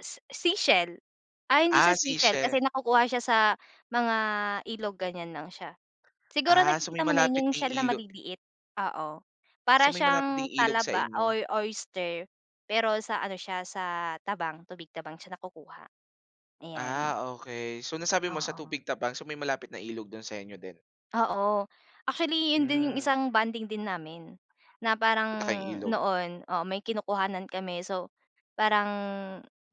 Se seashell. Ay, hindi Ah, siya seashell kasi seashe nakukuha siya sa mga ilog ganiyan lang siya. Siguro Ah, sa may nakikita mo na malapit yun yung ding shell na ilo maliliit, oo. So, Para may malapit ding siyang ilog sa talaba inyo. or oyster, pero sa ano siya sa tabang tubig tabang siya nakukuha, ayan. Ah, okey. So, nasabi mo sa Oo. tubig tabang. So, may malapit na ilog dun sa inyo din. Oo, actually yun din yung Hmm. isang bonding din namin na parang Punta kayong ilog. noon, oo, may kinukuhanan kami. So, parang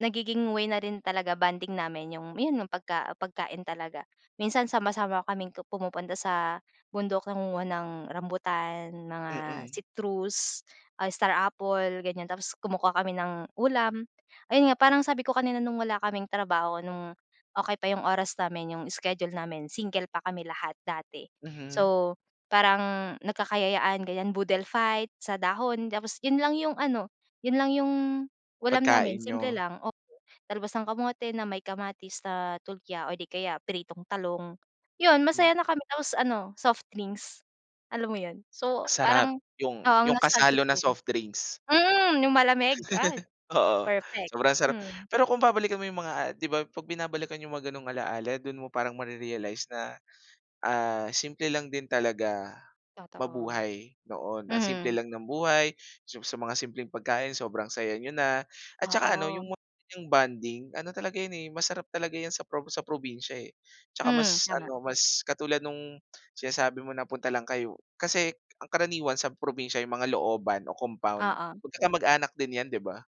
nagiging way na rin talaga, bonding namin yung pagka pagkain talaga. Minsan sama-sama kaming pu pumupunta sa bundok nangunguha ng rambutan, mga Mm. citrus, ah, star apple, ganiyan. Tapos kumukuha kami ng ulam, ayun nga, parang sabi ko kanina nung wala kaming trabaho, no'ng okey pa yung oras namin, yung schedule namin, single pa kami lahat dati. Mhm. So, parang nagkakayayaan, ganiyan, boodle fight sa dahon. Tapos yun lang yung ano, yun lang yung ulam namin, Pagkain simple niyo. lang, oo, talbos ng kamote na may kamatis at tulya o 'di kaya pritong talong, yun, Hmm. masaya na kami. Tapos ano, soft drinks, alam mo yun? So Sarap, parang, yung oo, ang yung nostalgic kasalo na nun. soft drinks. Mm, yung malamig? Ay, Oo, perfect, sobrang sarap. hmm. Pero kung babalikan mo yung mga, ah, 'di ba 'pag binabalikan yung mga gano'ng alaala, dun mo parang mare-realize na, ah, simple lang din talaga Totoo. mabuhay noon. Ang simple Mhm. lang ng buhay, sa sa mga simpleng pagkain, sobrang saya niyo na at tsaka ano, Oo. yung mga bonding, ano talaga yun eh, masarap talaga yan sa prob sa probinsya eh, tsaka Hmm, mas tama. ano, mas katulad nung sinasabi mo na punta lang kayo, kasi ang karaniwan sa probinsya yung mga looban o compound Oo. magkakamag-anak din 'yan, 'di ba?